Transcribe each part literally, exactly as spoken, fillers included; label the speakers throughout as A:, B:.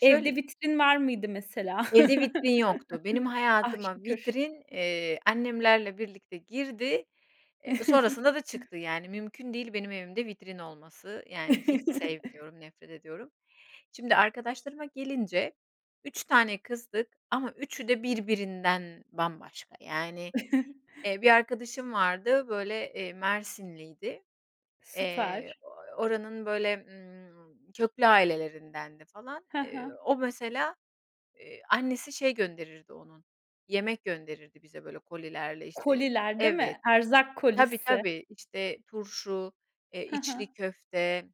A: Evde vitrin var mıydı mesela?
B: Evde vitrin yoktu. Benim
A: Ah,
B: hayatıma
A: şükür.
B: vitrin, eee, annemlerle birlikte girdi, eee, sonrasında da çıktı. Yani mümkün değil benim evimde vitrin olması yani hiç sevmiyorum, nefret ediyorum. Şimdi, arkadaşlarıma gelince, üç tane kızdık ama üçü de birbirinden bambaşka yani, eee, bir arkadaşım vardı, böyle, eee, Mersinliydi. Eee,
A: Süper.
B: ooo, oranın böyle, ımm, köklü ailelerindendi falan.
A: Hı
B: Eee,
A: hı.
B: o mesela, eee, annesi şey gönderirdi onun, yemek gönderirdi bize böyle kolilerle, işte
A: Koliler, değil
B: Evet.
A: mi? Erzak
B: Tabii,
A: kolisi.
B: tabii, işte, turşu, eee,
A: HI
B: içli
A: hı.
B: köfte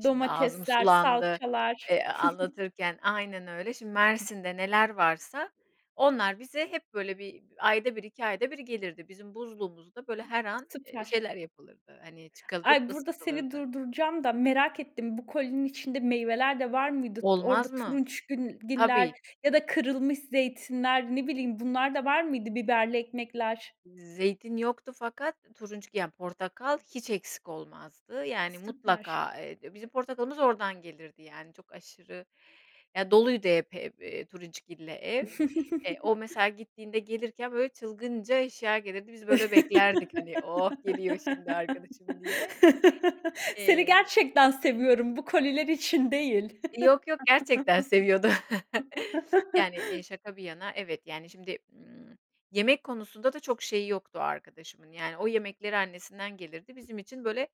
B: Şimdi ağzım
A: Domatesler,
B: sulandı,
A: salçalar.
B: eee, anlatırken Aynen öyle. Şimdi Mersin'de neler varsa onlar bize hep böyle bir ayda bir iki ayda bir gelirdi. Bizim buzluğumuzda, böyle, her an, eee,
A: Süper.
B: şeyler yapılırdı, hani, çıkalırıp
A: Ay, burada seni
B: ısıtılırdı.
A: durduracağım da merak ettim. Bu kolinin içinde meyveler de var mıydı? T orada
B: Olmaz mı?
A: turunçgül giller
B: Tabii.
A: ya da kırılmış zeytinler, ne bileyim, bunlar da var mıydı, biberli ekmekler?
B: Z zeytin yoktu fakat turunçgil, ya, portakal hiç eksik olmazdı yani
A: Süper.
B: mutlaka, eee, bizim portakalımız oradan gelirdi yani çok aşırı ya, doluydu hep hep, eee, turunçgille ev. Eee, o mesela gittiğinde gelirken böyle çılgınca eşya gelirdi, biz, böyle, beklerdik, hani, oh, geliyor şimdi arkadaşım diye.
A: Seni
B: Eee
A: gerçekten seviyorum. Bu koliler için değil.
B: Yok, yok gerçekten seviyordu. Yani, eee, şaka bir yana, evet, yani, şimdi, ımm, yemek konusunda da çok şeyi yoktu o arkadaşımın yani o yemekleri annesinden gelirdi bizim için, böyle,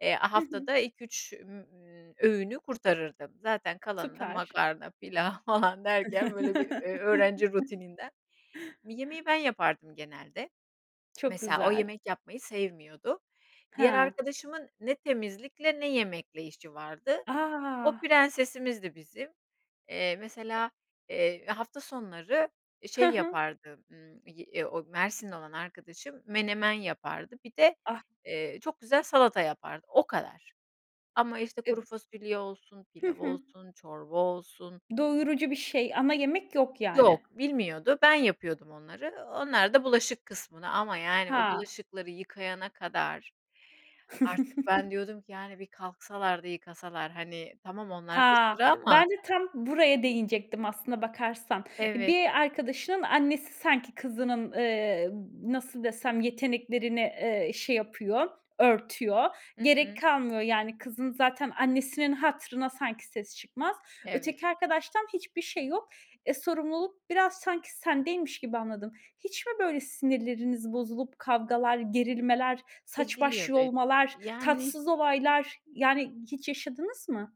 B: eee,
A: Hı hı.
B: haftada ilk üç mü ı öğünü kurtarırdı. Zaten kalanı da
A: Süper.
B: makarna, pilav falan derken, böyle, bir ö öğrenci rutininden Mi yemeği ben yapardım genelde.
A: Çok
B: Mesela o
A: güzel.
B: yemek yapmayı sevmiyordu. Diğer
A: Ha.
B: arkadaşımın ne temizlikle ne yemekle işi vardı. O
A: A!
B: prensesimizdi bizim. Eee, mesela, eee, hafta sonları
A: Hı
B: şey
A: hı.
B: yapardı, ımm, y e o Mersinli olan arkadaşım menemen yapardı. Bir de,
A: Ah!
B: eee, çok güzel salata yapardı, o kadar. Ama işte
A: E
B: kuru fasulye olsun,
A: Hı
B: pilav
A: hı.
B: olsun çorba olsun
A: Doyurucu bir şey ama yemek yok, yani.
B: Yok, bilmiyordu. Ben yapıyordum onları, o onlar da bulaşık kısmını ama yani o
A: Ha!
B: bulaşıkları yıkayana kadar artık ben diyordum ki, yani, bir kalksalar da yıkasalar. Hani, tamam onlarda
A: Ha!
B: sıra ama
A: Ben de tam buraya değinecektim aslına bakarsan. Eee,
B: Evet.
A: bir arkadaşının annesi sanki kızının, eee, nasıl desem, yeteneklerini, eee, şey yapıyor, örtüyor.
B: Hı
A: Gerek
B: hı.
A: kalmıyor yani kızın zaten annesinin hatırına sanki sesi çıkmaz.
B: Evet.
A: Öteki arkadaştan hiçbir şey yok. E, sorumluluk biraz sanki sendeymiş gibi anladım. Hiç mi böyle sinirleriniz bozulup kavgalar, gerilmeler, saç baş
B: Ediliyordu, ediliyordu.
A: yolmalar,
B: Yani
A: tatsız olaylar, yani, hiç yaşadınız mı?